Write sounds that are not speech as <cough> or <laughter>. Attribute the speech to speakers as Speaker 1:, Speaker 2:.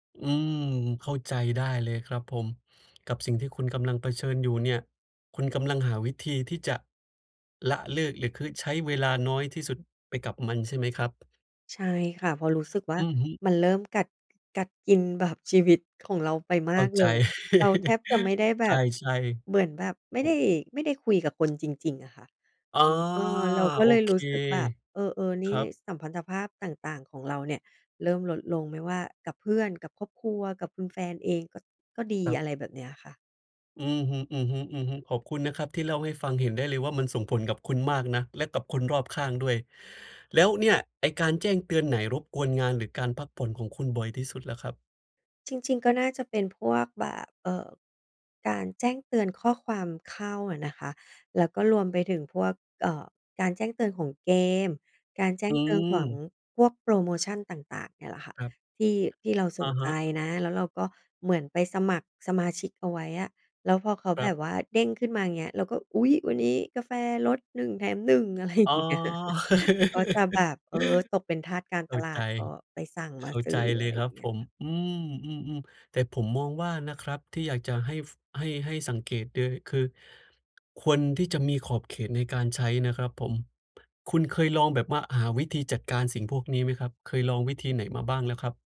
Speaker 1: อืม เข้าใจได้เลยครับผม กับสิ่งที่คุณกำลังเผชิญอยู่เนี่ย คุณกำลังหาวิธีที่จะละเลิก หรือคึ ใช้เวลาน้อยที่สุดไปกับมันใช่ไหมครับ?
Speaker 2: ใช่ค่ะ เพราะรู้สึกว่า
Speaker 1: อือฮึ
Speaker 2: มันเริ่มกัด ก กัดกินแบบชีวิตของเราไปม
Speaker 1: เข้
Speaker 2: า
Speaker 1: า
Speaker 2: กเ
Speaker 1: ใ
Speaker 2: ล
Speaker 1: จ
Speaker 2: ย เราแทบ
Speaker 1: <laughs>
Speaker 2: จะไม่ได้แบ
Speaker 1: ใช
Speaker 2: บ
Speaker 1: ่
Speaker 2: เหมือนแบบไม่
Speaker 1: ๆ ผ
Speaker 2: ได้
Speaker 1: ม
Speaker 2: ไม่ได้คุยกับคนจริง ๆ อะค่ะ
Speaker 1: อา
Speaker 2: อืม เออ เราก็
Speaker 1: โอ
Speaker 2: เลย
Speaker 1: เค
Speaker 2: รู้สึกแบบ เออ ๆ นี
Speaker 1: ค
Speaker 2: ่
Speaker 1: รับ
Speaker 2: ส สัมพันธภาพต่าง ๆ ของเราเนี่ยเริ่มลดลง ไม่ว่ากับเพื่อน กับครอบครัว กับคุณแฟนเองก็ ก็ดี
Speaker 1: ครั
Speaker 2: อ
Speaker 1: บ
Speaker 2: ะไรแบบเนี้ยอะค่ะ
Speaker 1: อือฮึ ๆ ๆ ขอบคุณนะครับที่เล่าให้ฟัง เห็นได้เลยว่ามันส่งผลกับคุณมากนะ และกับคนรอบข้างด้วย แล้วเนี่ยไอ้การแจ้งเตือนไหน รบกวนงาน หรือการพักผ่อนของคุณบ่อยที่สุดล่ะครับ?
Speaker 2: จริง ๆ ก็น่าจะเป็นพวกแบบ เอ่อ การแจ้งเตือนข้อความเข้าอะนะคะ แล้วก็รวมไปถึงพวก เอ่อ การแจ้งเตือนของเกม การแจ้
Speaker 1: อื
Speaker 2: งเตือนของ
Speaker 1: ม
Speaker 2: พวกโพรโมชันต่าง ๆ เนี่ยแหละค่ะ
Speaker 1: ครับ
Speaker 2: ที่ ที่เราส
Speaker 1: อ
Speaker 2: น
Speaker 1: ะฮ
Speaker 2: ใจ
Speaker 1: ะ
Speaker 2: นะ แล้วเราก็เหมือนไปสมัครสมาชิกเอาไว้อะ แล้วพอเขา
Speaker 1: คร
Speaker 2: แบ
Speaker 1: ับ
Speaker 2: บว่าเด้งขึ้นมาอย่างเงี้ย เราก็ อุ๊ย! วันนี้ กาแฟลด 1 แถม 1 อะไร อย
Speaker 1: อ๋
Speaker 2: ่
Speaker 1: อ
Speaker 2: างเงี้ย <chuckles> ก็จะแบบ เออ ตกเป็นทาสการ
Speaker 1: <laughs> เข้
Speaker 2: ต
Speaker 1: า
Speaker 2: ล
Speaker 1: ใ
Speaker 2: า
Speaker 1: จ
Speaker 2: ด ก็ไปสั่งม
Speaker 1: เข
Speaker 2: า
Speaker 1: ้า
Speaker 2: ซื
Speaker 1: ใจ
Speaker 2: ้อ
Speaker 1: เล
Speaker 2: อะ
Speaker 1: ย
Speaker 2: ไร
Speaker 1: ค
Speaker 2: อย
Speaker 1: รั
Speaker 2: ่
Speaker 1: บ
Speaker 2: างเงี
Speaker 1: ผ
Speaker 2: ้ย
Speaker 1: ม
Speaker 2: ค่ะ
Speaker 1: อืม ๆ ๆ แต่ผมมองว่านะครับ ที่อยากจะให้ ฟ ให้ ให้สังเกตเลย คือควรที่จะมีขอบเขตในการใช้นะครับผม คุณเคยลองแบบว่าหาวิธีจัดการ สิ่งพวกนี้ไหมครับ? เคยลองวิธีไหนมาบ้างแล้วครับ?